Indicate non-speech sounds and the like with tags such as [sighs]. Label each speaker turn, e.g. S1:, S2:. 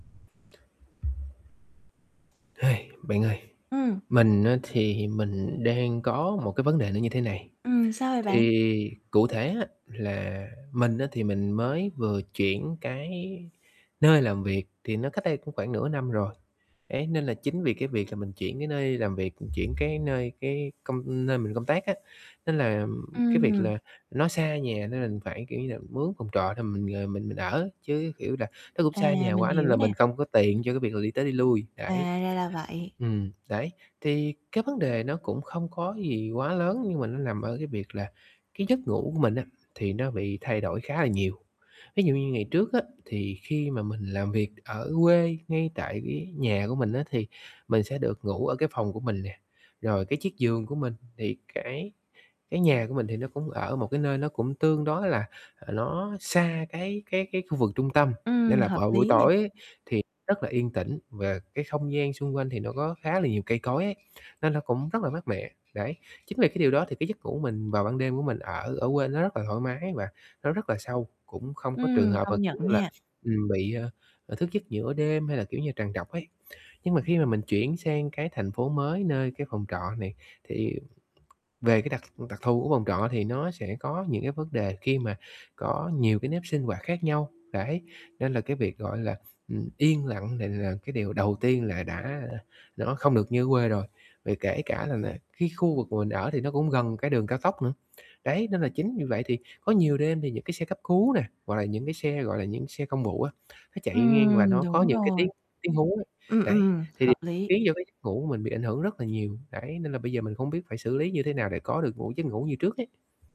S1: [sighs] Bạn ơi,
S2: Ừm.
S1: mình á, thì mình đang có một cái vấn đề nó như thế này.
S2: Ừm, sao vậy bạn?
S1: Thì cụ thể á, là mình á thì mình mới vừa chuyển cái nơi làm việc, thì nó cách đây cũng khoảng nửa năm rồi ấy, nên là chính vì cái việc là mình chuyển cái nơi làm việc, chuyển cái nơi cái công nơi mình công tác á, nên là cái việc
S2: Ừm.
S1: là nó xa nhà, nên mình phải, kiểu như là, mướn phòng trọ để mình, ờ, mình mình ở, chứ, kiểu là, nó cũng
S2: À,
S1: xa nhà
S2: mình
S1: quá nên
S2: hiểu
S1: là
S2: nè.
S1: mình không có tiền cho cái việc là đi tới đi lui,
S2: À,
S1: đấy.
S2: ra là vậy.
S1: Ừm, đấy, thì cái vấn đề nó cũng không có gì quá lớn, nhưng mà nó nằm ở cái việc là cái giấc ngủ của mình á, thì nó bị thay đổi khá là nhiều. Ví dụ như ngày trước á, thì khi mà mình làm việc ở quê, ngay tại cái nhà của mình á thì mình sẽ được ngủ ở cái phòng của mình nè, rồi cái chiếc giường của mình, thì cái cái nhà của mình thì nó cũng ở một cái nơi nó cũng tương đối là là nó xa cái cái cái khu vực trung tâm,
S2: Ừm,
S1: nên là
S2: hợp
S1: vào buổi
S2: lý nè.
S1: tối ấy thì rất là yên tĩnh, và cái không gian xung quanh thì nó có khá là nhiều cây cối ấy, nên nó cũng rất là mát mẻ, đấy. Chính vì cái điều đó thì cái giấc ngủ mình vào ban đêm của mình ở ở quê nó rất là thoải mái và nó rất là sâu, cũng không có trường
S2: Ừm,
S1: hợp mà,
S2: công nhận
S1: kiểu như là,
S2: nha.
S1: ừm, bị, à, à, thức giấc giữa đêm hay là, kiểu như, trằn trọc ấy. Nhưng mà khi mà mình chuyển sang cái thành phố mới nơi cái phòng trọ này, thì về cái đặc đặc thù của phòng trọ thì nó sẽ có những cái vấn đề khi mà có nhiều cái nếp sinh hoạt khác nhau. Đấy, nên là cái việc, gọi là, ừm, yên lặng này là cái điều đầu tiên là đã nó không được như ở quê rồi. Vì kể cả nà nà cái khu vực mà mình ở thì nó cũng gần cái đường cao tốc nữa, đấy, nên là chính vì vậy thì có nhiều đêm thì những cái xe cấp cứu nè, gọi là, những cái xe, gọi là, những xe công vụ á, nó chạy ngang và
S2: Ừm,
S1: nó có
S2: đúng
S1: những cái
S2: rồi.
S1: tiếng tiếng hú,
S2: Ừm,
S1: đấy,
S2: ừm,
S1: thì
S2: hợp lý.
S1: khiến cho cái giấc ngủ của mình bị ảnh hưởng rất là nhiều, đấy, nên là bây giờ mình không biết phải xử lý như thế nào để có được ngủ giấc ngủ như trước ấy.